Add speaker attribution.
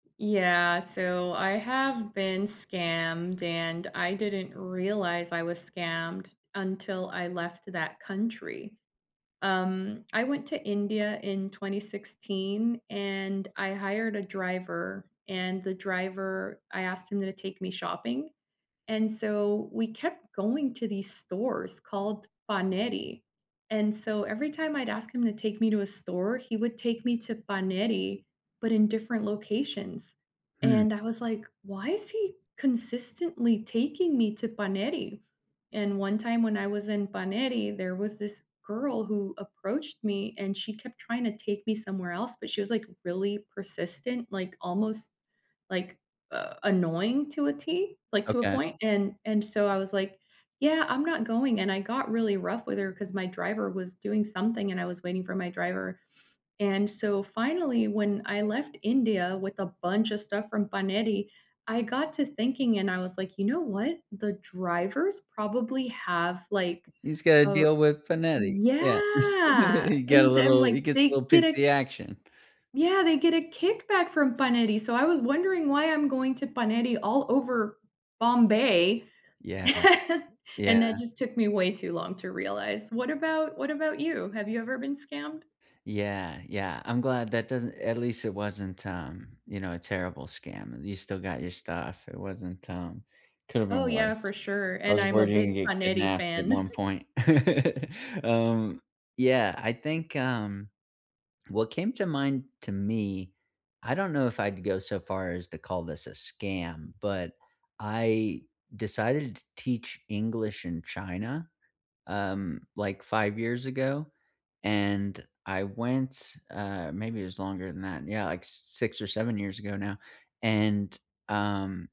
Speaker 1: Yeah, so I have been scammed and I didn't realize I was scammed until I left that country. Um, I went to India in 2016, and I hired a driver, and the driver I asked him to take me shopping, and so we kept going to these stores called Paneri, and so every time I'd ask him to take me to a store, he would take me to Paneri, but in different locations,
Speaker 2: Hmm.
Speaker 1: and I was like, "Why is he consistently taking me to Paneri?" And one time when I was in Paneri, there was this girl who approached me and she kept tryna take me somewhere else, but she was, like, really persistent, like almost, like, uh, annoying to a tee, like, to a
Speaker 2: Okay.
Speaker 1: point, and and so I was like, "Yeah, I'm not going," and I got really rough with her 'cause my driver was doing something and I was waiting for my driver. And so finally, when I left India with a bunch of stuff from Paneri, I got to thinking and I was like, "You know what? The driver's probably have, like,
Speaker 2: He's gotta
Speaker 1: uh
Speaker 2: deal with Paneri. Yeah.
Speaker 1: yeah,
Speaker 2: He get a
Speaker 1: and I'm,
Speaker 2: little
Speaker 1: like,
Speaker 2: he gets a
Speaker 1: they
Speaker 2: little
Speaker 1: get
Speaker 2: piece of
Speaker 1: a
Speaker 2: the action.
Speaker 1: yeah, they get a kickback from Paneri, so I was wondering, "Why I'm going to Paneri all over Bombay?"
Speaker 2: Yeah,
Speaker 1: And that
Speaker 2: yeah.
Speaker 1: just took me way too long to realize. What about what about you? Have you ever been scammed?
Speaker 2: Yeah, yeah. I'm glad that doesn't at least it wasn't, um, you know, a terrible scam, and you still got your stuff, it wasn't, um could have
Speaker 1: Oh,
Speaker 2: been
Speaker 1: yeah,
Speaker 2: worse.
Speaker 1: for sure,
Speaker 2: I
Speaker 1: and
Speaker 2: was
Speaker 1: I'm a
Speaker 2: worried you'd gonna
Speaker 1: big
Speaker 2: get
Speaker 1: Paneri
Speaker 2: kidnapped at
Speaker 1: fan.
Speaker 2: one point. Um, yeah, I think, um, what came to mind to me, I don't know if I'd go so far as to call this a scam, but I decided to teach English in China, um, like, 5 years ago, and I went, uh maybe it was longer than that, yeah, like, s s six or 7 years ago now, and, um